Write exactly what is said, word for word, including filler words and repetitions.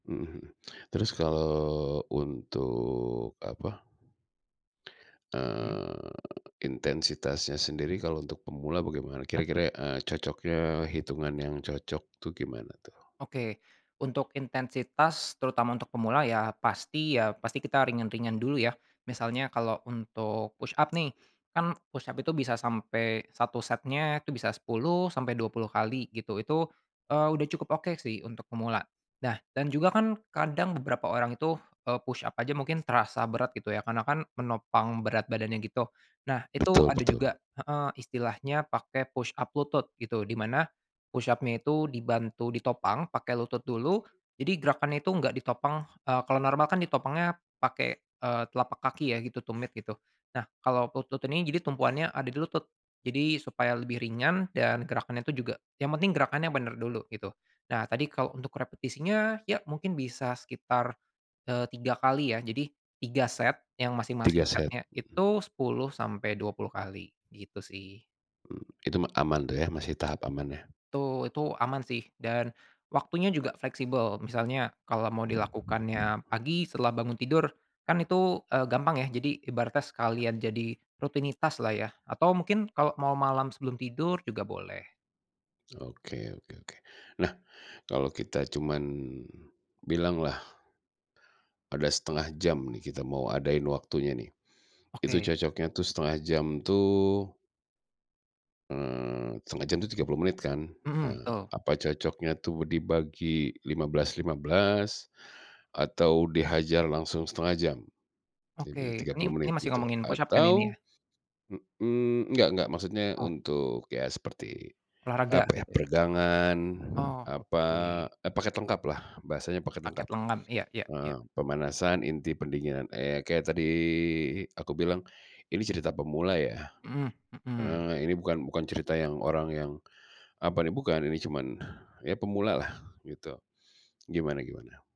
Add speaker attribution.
Speaker 1: Mhm. Terus kalau untuk, apa,
Speaker 2: Mhm?
Speaker 1: eee, intensitasnya sendiri kalau untuk pemula bagaimana? Kira-kira, eee, cocoknya hitungan yang cocok tuh gimana tuh?
Speaker 2: Oke. Untuk intensitas, terutama untuk pemula, iya pasti iya pasti kita ringan-ringan dulu ya. Misalnya kalau untuk push-up nih, kan push-up itu bisa sampai satu setnya itu bisa sepuluh sampai dua puluh kali gitu, itu, eee, udah cukup oke sih untuk pemula. Nah dan juga kan kadang beberapa orang itu, eee, push-up aja mungkin terasa berat gitu ya karena kan menopang berat badannya gitu, nah itu
Speaker 1: Betul
Speaker 2: ada juga
Speaker 1: betul.
Speaker 2: heeh, istilahnya pakai push-up lutut gitu, di mana push-up-nya itu dibantu ditopang pakai lutut dulu jadi gerakannya itu enggak ditopang, eee, kalau normal kan ditopangnya pakai, eee, telapak kaki ya gitu, tumit gitu. Nah kalau lutut ini jadi tumpuannya ada di lutut, jadi supaya lebih ringan dan gerakannya tuh juga yang penting gerakannya benar dulu gitu. Nah tadi kalau untuk repetisinya, iya mungkin bisa sekitar, eee, tiga kali ya. Jadi tiga set yang
Speaker 1: tiga
Speaker 2: masing-masing
Speaker 1: set?
Speaker 2: setnya itu
Speaker 1: Mhm.
Speaker 2: sepuluh sampai dua puluh kali gitu sih.
Speaker 1: Mmm, itu mah aman tuh ya masih tahap aman yah?
Speaker 2: Tuh itu aman sih dan waktunya juga fleksibel. Misalnya, kalau mau dilakukannya pagi setelah bangun tidur, kan itu, eee, gampang yah. Jadi ibaratnya sekalian jadi rutinitaslah ya atau mungkin kalau mau malam sebelum tidur juga boleh.
Speaker 1: Oke oke oke. Nah kalau kita cuma, bilanglah ada setengah jam nih kita mau adain waktunya nih, itu
Speaker 2: Oke.
Speaker 1: cocoknya tuh setengah jam tuh eee, setengah jam tuh tiga puluh menit kan?
Speaker 2: Mhm,
Speaker 1: Eee,
Speaker 2: betul.
Speaker 1: apa cocoknya tuh dibagi lima belas lima belas atau dihajar langsung setengah jam? Iya berarti
Speaker 2: Oke.
Speaker 1: tiga
Speaker 2: Ini
Speaker 1: puluh
Speaker 2: ini
Speaker 1: menit
Speaker 2: masih
Speaker 1: gitu
Speaker 2: ngomongin push-up kan ini ya?
Speaker 1: atau, mhm enggak enggak maksudnya
Speaker 2: Oh.
Speaker 1: untuk, iya seperti,
Speaker 2: Olahraga
Speaker 1: apa ya,
Speaker 2: begitu ya?
Speaker 1: peregangan,
Speaker 2: Oh,
Speaker 1: apa,
Speaker 2: oke.
Speaker 1: eee, paket lengkaplah bahasanya paket
Speaker 2: Paket
Speaker 1: lengkap,
Speaker 2: lengan, iya iya iya.
Speaker 1: heeh, pemanasan inti pendinginan, iya kayak tadi aku bilang ini cerita pemula ya,
Speaker 2: Mhm.
Speaker 1: eee, ini bukan bukan cerita yang orang yang, apa nih bukan ini cuman, iya pemulalah gitu, gimana-gimana?